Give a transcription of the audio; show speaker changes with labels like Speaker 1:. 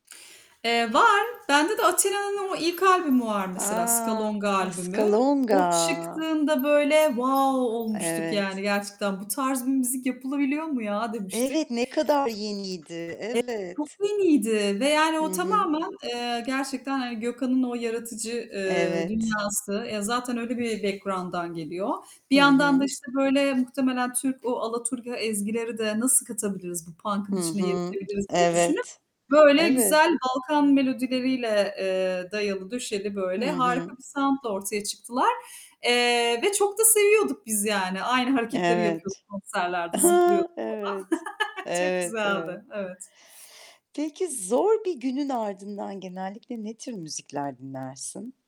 Speaker 1: Eee, var. Bende de Athena'nın o ilk albümü var mesela,
Speaker 2: A!
Speaker 1: Skalonga albümü.
Speaker 2: Skalonga.
Speaker 1: O çıktığında böyle wow olmuştuk, yani,
Speaker 2: Evet.
Speaker 1: gerçekten. "Bu tarz bir müzik yapılabiliyor mu ya?" demiştik.
Speaker 2: Evet, ne kadar
Speaker 1: Evet,
Speaker 2: yeniydi.
Speaker 1: çok
Speaker 2: Evet.
Speaker 1: yeniydi ve yani o
Speaker 2: Hı hı.
Speaker 1: tamamen, eee, gerçekten, hani, Gökhan'ın o yaratıcı, eee,
Speaker 2: Evet.
Speaker 1: dünyası. Eee, zaten öyle bir background'dan geliyor. Bir
Speaker 2: Hı
Speaker 1: yandan da,
Speaker 2: hı.
Speaker 1: işte, böyle, muhtemelen Türk, o alaturka ezgileri de nasıl katabiliriz bu punk'ın
Speaker 2: Hı
Speaker 1: içine
Speaker 2: hı.
Speaker 1: yedirebiliriz diye düşünüp,
Speaker 2: Evet.
Speaker 1: böyle,
Speaker 2: Evet.
Speaker 1: güzel Balkan melodileriyle, eee, dayalı döşeli,
Speaker 2: Hı
Speaker 1: böyle,
Speaker 2: hı.
Speaker 1: harika bir sound'la ortaya çıktılar. Eee, ve çok da seviyorduk biz yani. Aynı hareketleri yapıyorduk
Speaker 2: Evet.
Speaker 1: konserlerde,
Speaker 2: Ha!
Speaker 1: zıplıyorduk
Speaker 2: Evet.
Speaker 1: falan Çok
Speaker 2: Evet, evet.
Speaker 1: güzeldi, evet.
Speaker 2: Peki zor bir günün ardından genellikle ne tür müzikler dinlersin?